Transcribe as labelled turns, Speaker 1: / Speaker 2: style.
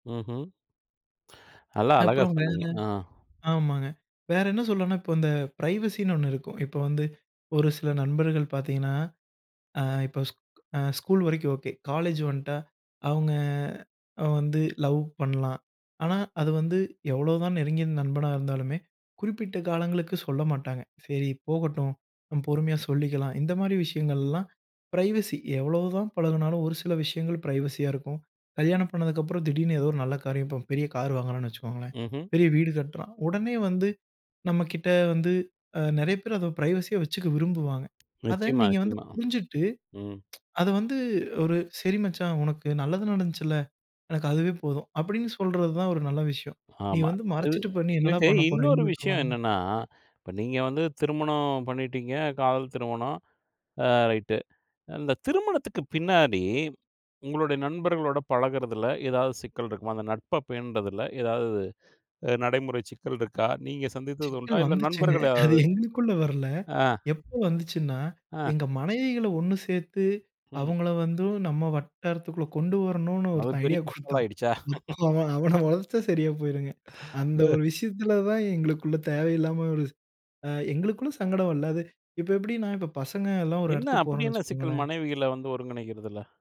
Speaker 1: ம்ஹ்ம். நல்லா அழகா
Speaker 2: அப்புறம் வேற,
Speaker 1: சொன்னீங்க. ஆ.
Speaker 2: ஆமாங்க. வேற என்ன சொல்வன்னா, இப்ப இந்த பிரைவசின்னு ஒன்னு இருக்கும். இப்போ வந்து ஒரு சில நண்பர்கள் பாத்திங்கன்னா, அ இப்ப ஸ்க் அ ஸ்கூல் வரைக்கும் ஓகே. காலேஜ் வன்ட்டா, அவுங்க வந்து அ லவ் பண்ணலாம். ஆனா அத வந்து எவ்வளோதான் நெருங்கிய நண்பனா இருந்தாலுமே, குறிப்பிட்ட காலங்களுக்கு சொல்ல மாட்டாங்க. சரி போகட்டும், பொறுமையா சொல்லிக்கலாம். இந்தமாரி விஷயங்கள்லாம் பிரைவசி எவ்வளவு தான் பழகுனாலும் ஒரு சில விஷயங்கள் பிரைவசியா இருக்கும். கல்யாணம் பண்ணதுக்கு அப்றம் திடீருன்னு ஏதோ ஒரு நல்ல காரியம். இப்போ பெரிய கார் வாங்குகிறான்னு வச்சுக்கோங்களேன்.
Speaker 1: ம்ஹ்ம்.
Speaker 2: பெரிய வீடு கட்டுறான். உடனே வந்து நம்மக்கிட்ட வந்து அ நிறைய பேர் அதை பிரைவசியா வச்சுக்க விரும்புவாங்க. அத
Speaker 1: நிச்சயமா,
Speaker 2: நீங்க வந்து
Speaker 1: நிச்சயமா,
Speaker 2: புரிஞ்சுட்டு
Speaker 1: ம்.
Speaker 2: அத வந்து ஒரு "சரி மச்சான்! உனக்கு நல்லது நடந்துச்சில்ல, எனக்கு அதுவே போதும்" அப்பிடின்னு சொல்றது தான் ஒரு நல்ல விஷயம். "நீ
Speaker 1: ஆமா.
Speaker 2: வந்து
Speaker 1: இது,
Speaker 2: மறச்சிட்டு பண்ணி என்னடா!
Speaker 1: இதுக்கு
Speaker 2: பண்ண போற?
Speaker 1: இன்னொரு விஷயம்
Speaker 2: எங்களுக்குலாம்?"
Speaker 1: என்னன்னா, இப்ப நீங்க வந்து திருமணம் பண்ணிட்டீங்க, காதல் திருமணம். அ ரைட்டு. அந்த திருமணத்துக்கு பின்னாடி உங்களுடைய நண்பர்களோட பழகுறதில ஏதாவது சிக்கல் இருக்குமா? அந்த நட்ப பேணுறதுல ஏதாவது அ நடைமுறை சிக்கல் இருக்கா? நீங்க சந்திச்சது உண்டா?
Speaker 2: சிக்கல்
Speaker 1: இல்ல
Speaker 2: வந்துச்சுங்க.
Speaker 1: நண்பர்கள்
Speaker 2: அது
Speaker 1: யாராவது?
Speaker 2: எங்களுக்குள்ள வரல.
Speaker 1: ஆ,
Speaker 2: எப்போ வந்துச்சுன்னா,
Speaker 1: ஆ.
Speaker 2: எங்க மனைவிகள ஒன்னு சேத்து
Speaker 1: ம்.
Speaker 2: அவுங்கள வந்து நம்ம வட்டாரத்துக்குள்ள கொண்டு வரணுன்னு
Speaker 1: அது
Speaker 2: ஒருத்தன்
Speaker 1: பெரிய
Speaker 2: ஐடியா
Speaker 1: ஆள்
Speaker 2: கொடுத்தான்
Speaker 1: ஆயிடுச்சா?
Speaker 2: [unintelligible] இப்போ அவன, அவன வளச்சா சரியா போயிருங்க. அந்த
Speaker 1: ஆ.
Speaker 2: ஒரு விஷயத்துல தான் எங்களுக்குள்ள தேவையில்லாம ஒரு அ எங்களுக்குள்ள சங்கடம் வல்ல. அது இப்ப எப்பிடின்னா இப்போ பசங்கலாம் ஒரு
Speaker 1: என்ன,
Speaker 2: எடத்துக்கு
Speaker 1: அப்பிடி
Speaker 2: போறோன்னு
Speaker 1: என்ன சிக்கல்
Speaker 2: வச்சுக்கோங்களேன்!
Speaker 1: மனைவிகள வந்து ஒருங்கிணைக்குறதுல?